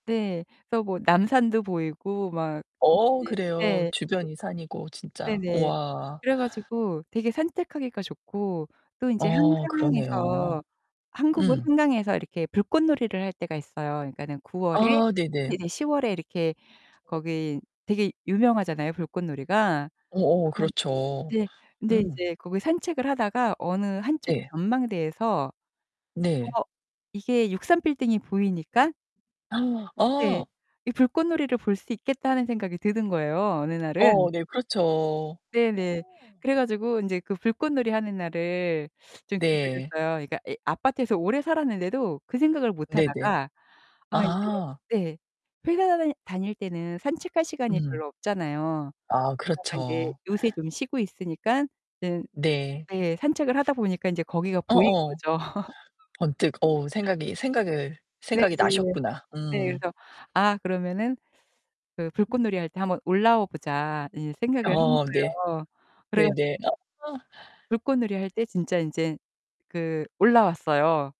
네, 그래서 뭐 남산도 보이고 막 어 이제 그래요. 네. 주변이 산이고 네. 진짜. 네네. 우와. 그래 가지고 되게 산책하기가 좋고 또 인제 어, 그러네요. 한강에서 한국은 음. 한강에서 이렇게 불꽃놀이를 할 때가 있어요. 그니까는 9월에 아 네네. 이제 10월에 이렇게 거기 되게 유명하잖아요, 불꽃놀이가. 어어, 그런 그렇죠. 네. 근데 음. 이제 거기 산책을 하다가 어느 한 쪽 네. 전망대에서 네. 어 이게 63빌딩이 보이니까 네. 어. 이 불꽃놀이를 볼 수 있겠다는 생각이 드는 거예요, 어느 어 날은. 네, 그렇죠. 네네. 어. 그래 가지고 인제 그 불꽃놀이 하는 날을 좀 네. 기다렸어요. 그러니까 이 아파트에서 오래 살았는데도 그 생각을 못 네네. 하다가 아 이제 아. 네. 회사 다닐 다닐 때는 산책할 시간이 음. 별로 없잖아요. 아 그러다가 인제 그렇죠. 요새 좀 쉬고 있으니깐 응. 네. 예 산책을 하다 보니까 인제 거기가 보인 어어. 거죠. 번뜩 어 생각이 생각을 생각이 네네. 나셨구나. 네. 음. 그래서 아 그러면은 그 '불꽃놀이 할 때 한번 올라와 보자.' 이제 생각을 한 어 네. 거예요. 그래 가지고 네네. 아. 불꽃놀이 할 때 진짜 인제 그 올라왔어요